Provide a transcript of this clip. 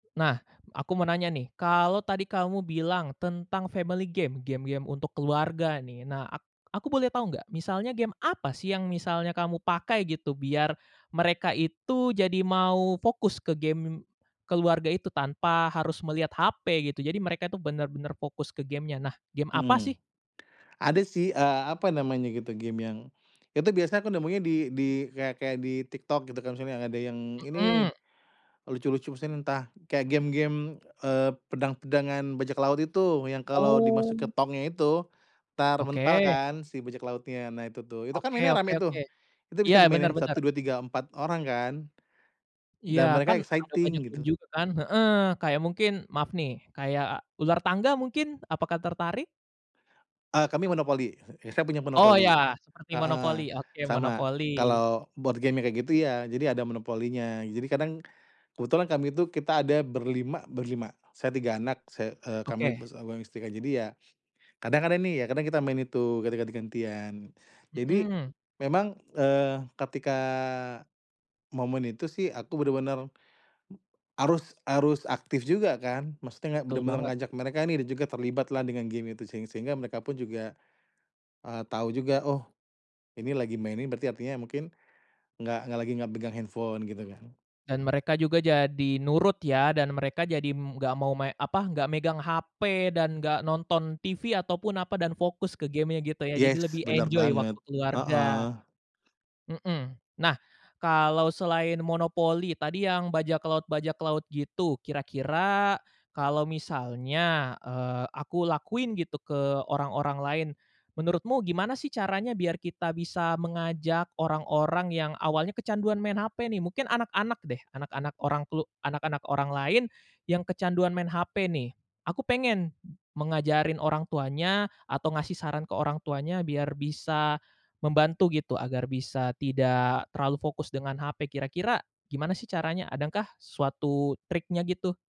Nah, aku mau nanya nih, kalau tadi kamu bilang tentang family game, game-game untuk keluarga nih, nah, ak aku boleh tahu nggak misalnya game apa sih yang misalnya kamu pakai gitu, biar mereka itu jadi mau fokus ke game keluarga itu tanpa harus melihat HP, gitu. Jadi mereka itu benar-benar fokus ke game-nya. Nah, game apa Mhm. sih? Ada sih, eee, apa namanya gitu, game yang itu biasanya aku nemunya di di kayak kayak di TikTok, gitu. Kalau misalnya ada yang ini, Mhm. lucu-lucu misalnya entah kayak game-game, eee, pedang-pedangan bajak laut itu, yang kalau di masuk ke Oh. tongnya itu entar mental Oke. kan si bajak lautnya, nah, itu tuh. Itu kan Oke mainnya oke rame tuh, oke. itu Iya, bisa benar dimainin benar. 1, 2, 3, 4 orang kan, Iya, dan mereka kan ada banyak exciting, game gitu. juga kan, heeh, kayak mungkin maaf nih, kayak ular tangga mungkin apakah tertarik? Eee, kami monopoli, kita punya Oh, monopoli, ya, seperti monopoli, heeh. oke, Sama, monopoli. kalau board game yang kayak gitu, iya, jadi ada monopolinya jadi kadang kebetulan kami itu kita ada ber-5, ber-5. Saya, 3 anak, saya, eee, kami Oke. sama istri, jadi ya, kadang kan ini ya, kadang kita main itu ketika ganti ganti-gantian. Jadi Mhm. memang, eee, ketika momen itu sih aku bener-bener harus harus aktif juga kan, maksudnya nggak Betul bener-bener banget. ngajak mereka ini juga terlibatlah dengan game itu seng sehingga mereka pun juga, eee, tahu juga, oh, ini lagi main nih, berarti artinya mungkin nggak nggak lagi nggak pegang handphone, gitu kan. Dan mereka juga jadi nurut ya, dan mereka jadi, mmm, nggak mau main, apa, nggak megang HP dan nggak nonton TV ataupun, apa, dan fokus ke game gitu ya, Iya, jadi lebih bener enjoy waktu baget, heeh. keluarga. Mhm. Nah, kalau selain monopoli tadi, yang bajak laut-bajak laut gitu kira-kira kalau misalnya, eee, aku lakuin gitu ke orang-orang lain. Menurutmu gimana sih, caranya biar kita bisa mengajak orang-orang yang awalnya kecanduan main HP, nih? Mungkin anak-anak deh, anak-anak orang klu anak-anak orang lain yang kecanduan main HP, nih. Aku pengen mengajari orang tuanya atau ngasih saran ke orang tuanya biar bisa membantu gitu, agar bisa tidak terlalu fokus dengan HP kira-kira gimana sih caranya? Adakah suatu triknya, gitu?